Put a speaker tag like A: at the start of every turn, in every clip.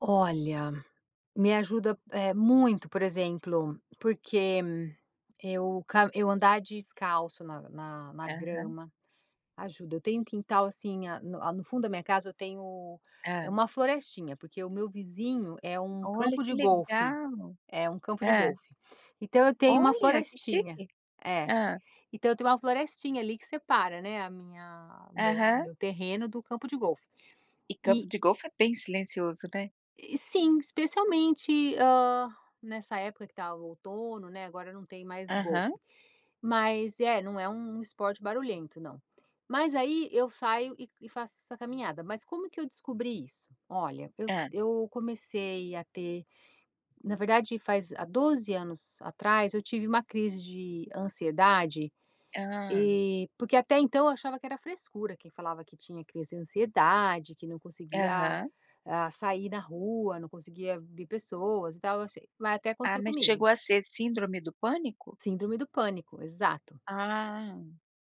A: Olha, me ajuda, eh, muito, por exemplo, porque eu ca eu andar descalço na na na
B: Aham.
A: grama, ajuda eu tenho um quintal, assim, a no no fundo da minha casa eu tenho,
B: Ah.
A: uma florestinha, porque o meu vizinho é um
B: Olha,
A: campo
B: que
A: de golfe,
B: legal!
A: é um campo de
B: Hã.
A: golfe, então eu tenho uma
B: Olha, que
A: florestinha
B: chique.
A: é.
B: Hã.
A: Então eu tenho uma florestinha ali que separa, né, a minha o meu o
B: Aham.
A: meu terreno, do campo de golfe.
B: E
A: E
B: campo de golfe é bem silencioso, né.
A: E, sim. Especialmente, hã, nessa época que estava o outono, né, agora não tem mais
B: Aham.
A: golfe. Mas é, não é um um esporte barulhento, não. Mas aí eu saio e e faço essa caminhada, mas como que eu descobri isso? Olha, eu
B: Hã.
A: eu comecei a ter na verdade faz há 12 anos atrás eu tive uma crise de ansiedade,
B: Hã.
A: eh porque até então eu achava que era frescura, quem falava que tinha crise de ansiedade, que não conseguia,
B: Aham.
A: ah, sair na rua, não conseguia ver pessoas e tal, eu sei mas até
B: Ah,
A: acontecer
B: mas
A: comigo.
B: chegou a ser síndrome do pânico?
A: Síndrome do pânico, exato.
B: Ah.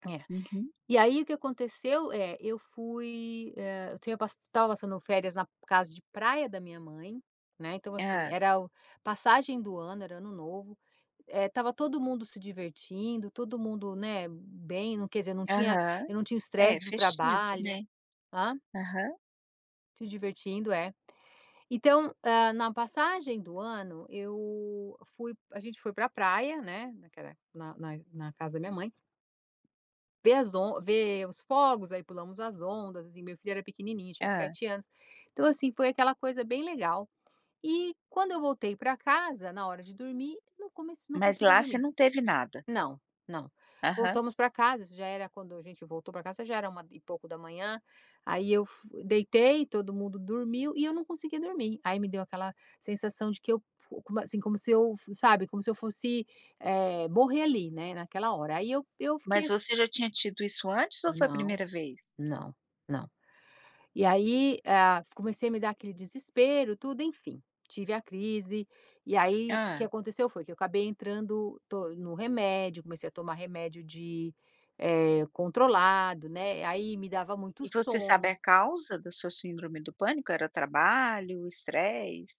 A: É.
B: Uhum.
A: E aí o que aconteceu é, eu fui, eh, eu tenho estava passando férias na casa de praia da minha mãe, né, então, assim,
B: Hã.
A: era o passagem do ano, era ano novo, eh, estava todo mundo se divertindo, todo mundo, né, bem, não quer dizer, não tinha,
B: Aham.
A: eu não tinha
B: É,
A: estresse do
B: festivo,
A: trabalho.
B: né.
A: Hã?
B: Aham.
A: Se divertindo, é. Então, hã, na passagem do ano, eu fui a gente foi pra praia, né, naquela na na na casa da minha mãe ver as on ver os fogos, aí pulamos as ondas, e meu filho era pequenininho, tinha
B: Hã.
A: 7 anos. Então, assim, foi aquela coisa bem legal. E, quando eu voltei para casa, na hora de dormir, não comec não
B: Mas
A: conseguia
B: lá você
A: dormir.
B: não teve nada?
A: Não, não.
B: Aham.
A: Voltamos para casa, já era quando a gente voltou pra casa já era uma e pouco da manhã, aí eu f deitei, todo mundo dormiu e eu não conseguia dormir, aí me deu aquela sensação de que eu f assim, como se eu, sabe, como se eu fosse, eh, morrer ali, né, naquela hora, aí eu eu fiquei,
B: Mas
A: assim
B: você já tinha tido isso antes, ou foi a
A: Não,
B: primeira vez?
A: não, não. E aí, eh, ah, comecei a me dar aquele desespero tudo, enfim, tive a crise, e aí o que
B: Hã.
A: aconteceu foi que eu acabei entrando to no remédio, comecei a tomar remédio de eh, controlado, né, aí me dava muito
B: E você sabe
A: sono.
B: a causa da sua síndrome do pânico? Era trabalho, stress?